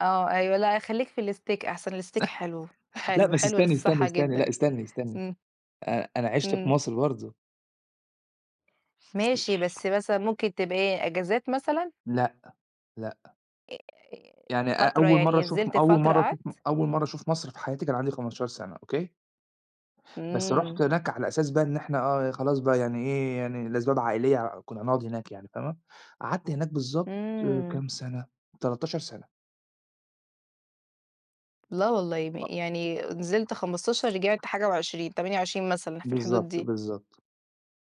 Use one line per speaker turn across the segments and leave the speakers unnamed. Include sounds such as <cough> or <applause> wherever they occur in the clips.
آه، أيوه لأ خلّيك في الsteak أحسن، الsteak حلو،
<laughs> لأ
حلو،
بس
حلو
استنّي، استنّي،
للصّحة
استنّي، لأ
جدًا.
استنّي، استنّي
إمم.
آآ، أنا عِشت في
إمم.
مصر برضه.
ماشي بس مثلًا ممكن تبقى إيه، أجازات مثلًا؟
لأ، لأ.
آآ،
يعني أ
فترة،
أول مرّة
يعني
أشوف م
نزِلت
أول
فترة
مرّة أشوف م
قعَدت؟
أول مرّة أشوف مصر في حياتي كان عندي 15 سَنة، أوكي؟ َبس رُحت
إمم.
هناك على أساس بقى إن إحنا آه خلاص بقى، يعني إيه، يعني لأسباب عائلية كنا هنقعُد هناك يعني، فاهمة، قعَدت هناك بالضبط آآ،
إمم.
كام سَنة؟ 13 سَنة.
لا والله م
أ
يعني نزِلت 15 رجِعت حاجة و20، 28 مثلًا، في الحدود
بالضبط،
دي.
بالضبط.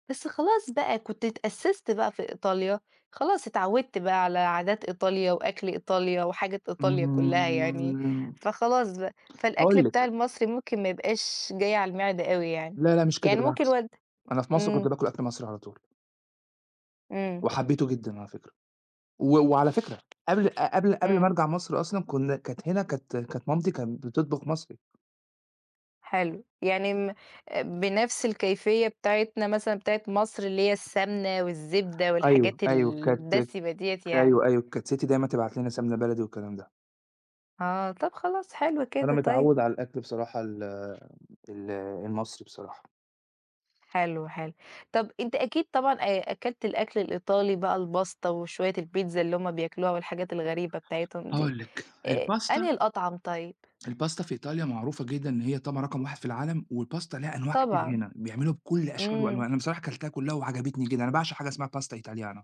بس خلاص بقى كنت اتأسِّست بقى في إيطاليا خلاص، اتعودت بقى على عادات إيطاليا وأكْل إيطاليا وحاجة إيطاليا كلّها يعني،
امم.
فخلاص بقى، فالأكْل
هاقول
بتاع
لِك
المصري ممكن ما يبقاش جاي على المِعدة أوي، يعني،
لا، لأ مش كده
يعني ممكن
بالعكس،
والد
أنا في مصر كنت
إمم.
باكُل أكْل مصري على طول.
إمم.
وحبّيته جدًا على فكرة، و وعلى فكرة قبْل قبْل قبْل
إمم.
ما أرجَع مصر أصلًا كنا كانت هنا، كانت كانت مامتي كانت بتطبُخ مصري.
حلو، يعني آمم، آآ بنفس الكيفية بتاعتنا مثلًا بتاعة مصر، اللي هي السَّمنة والزِّبدة
أيوه،
والحاجات
أيوه كانت
الدسِمة دِيّة يعني.
أيوه، أيوه، كانت سِتّي دايمًا تبعَت لنا سَمنة بلدي والكلام ده.
آه، طَب خلاص، حلو
فأنا
كده طيب.
متعوّد على الأكْل بصراحة ال ال المصري بصراحة.
حلو، حلو. طَب أنت أكيد طبعًا آآ أكَلت الأكْل الإيطالي بقى الباستا وشوية البيتزا اللي هُم بياكلوها والحاجات الغريبة بتاعتهم دي
هاقول لِك
آآ أنهي
الباستا
الأطعَم طيب؟
الباستا في إيطاليا معروفة جدًا إن هي طبعًا رقم 1 في العالم والباستا لها أنواع كتير
طبعًا.
هنا، بيعملوها بكلّ أشكال وألوان،
إمم.
أنا بصراحة كَلتها كلّها وعجبتني جدًا، أنا باعشق حاجة اسمها pasta italiana